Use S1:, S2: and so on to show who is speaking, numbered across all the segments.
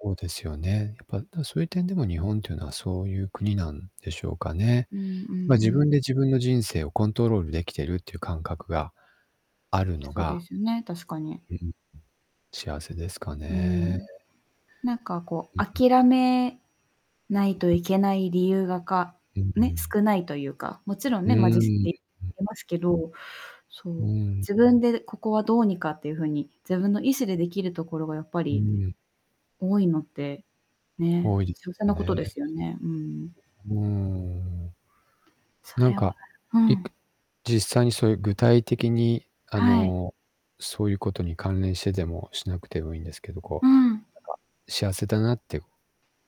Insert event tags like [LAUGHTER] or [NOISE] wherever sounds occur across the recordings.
S1: そうですよね。やっぱ、だ、そうゆう点でも、日本っていうのはそうゆう国なんでしょうかね。
S2: うんうん
S1: ま、
S2: う
S1: 自分で
S2: ん。
S1: 自分の人生をコントロールできてるっていう感覚があるの
S2: そで
S1: が
S2: すね、確かに。
S1: うん、ん。幸せですか
S2: う
S1: ね。
S2: ん。なんかこ
S1: うん
S2: う、
S1: うん。
S2: 諦めないといけない理由がか、
S1: うんう
S2: ね、
S1: ん。
S2: 少ないとゆうか、もちろん
S1: うー
S2: ね、まあ、実
S1: ん、
S2: 際
S1: ん。
S2: いますけど、そ
S1: う
S2: う、
S1: ん。
S2: 自分でここはどうにかっていう風に、自分の意志で出来るところが、やっぱ
S1: う
S2: り
S1: ん。
S2: 多いのって、ね、
S1: 多いです
S2: 幸せ
S1: よ
S2: なこと
S1: ね。
S2: ですよね、うん。
S1: うーん。
S2: そ
S1: なん
S2: れ
S1: か、
S2: は、う
S1: いっ
S2: ん。
S1: ぷ実際にそうゆう、具体的に、あ
S2: はい。
S1: の、そうゆうことに関連してでもしなくてもいいんですけど、こ
S2: う
S1: う、
S2: ん。
S1: なんか幸せだなって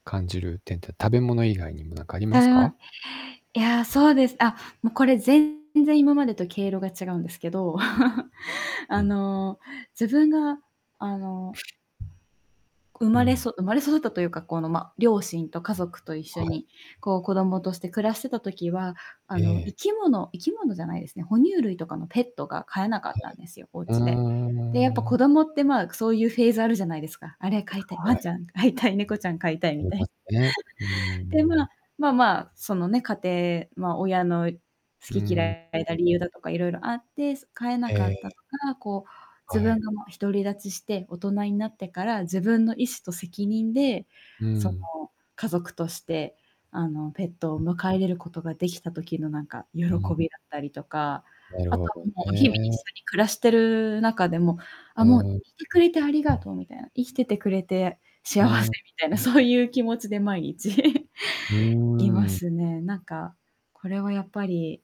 S1: 感じる点って、食べ物以外にもなんかありますか？
S2: [UNINTELLIGIBLE] いや、そうです。あ、も、これ全然今までと毛色が違うんですけど、[CHUCKLES]
S1: う
S2: あ
S1: ん。
S2: の、自分が、あの生
S1: う
S2: まれそ
S1: ん。
S2: 生まれ育ったというか、この、ま、両親と家族と一
S1: は
S2: 緒
S1: い。
S2: に、こう、子供として暮らしてた時は、あ
S1: え
S2: の、生
S1: え。
S2: き物生き物じゃないですね、哺乳類とかのペットが飼えなか
S1: は
S2: ったんですよ、おう
S1: いはい。
S2: ちで。で、やっぱ、
S1: うーん。
S2: 子供って、まあ、そうゆうフェーズあるじゃないですか。あれ飼いたい、ワ
S1: は
S2: ンち
S1: い。
S2: ゃん飼いたい、猫ちゃん飼いたい
S1: あ
S2: み
S1: り
S2: た
S1: ま
S2: い
S1: すね。うー
S2: [CHUCKLES] で、ま
S1: ん。
S2: あまあまあ、そのね、家庭ま、親の
S1: う
S2: 好き
S1: ん。
S2: 嫌いが理由だとかいろいろあって、す飼えなか
S1: え
S2: った
S1: え。
S2: とか、こう、自
S1: は
S2: 分
S1: い。
S2: がもう独り立ちして、大人になってから、自分の意思と責任で、
S1: う
S2: そ
S1: ん。
S2: の、家族として、あの、ペットを
S1: ん。
S2: 迎え入れることができた時の、なんか、喜
S1: うん。
S2: びだったりとか、
S1: なる
S2: あ
S1: ほ
S2: とは
S1: ど
S2: もう、日々一
S1: ね。
S2: 緒に暮らしてる中でも、あ、
S1: う
S2: もう、い
S1: ん。ん。
S2: てくれてありがとうみたいな、生きててくれて
S1: う
S2: 幸
S1: ん。
S2: せ、みたいな、
S1: ん。
S2: そうゆう気持ちで毎日 [CHUCKLES]
S1: う
S2: いま
S1: ーん。
S2: すね。なんか、これはやっぱり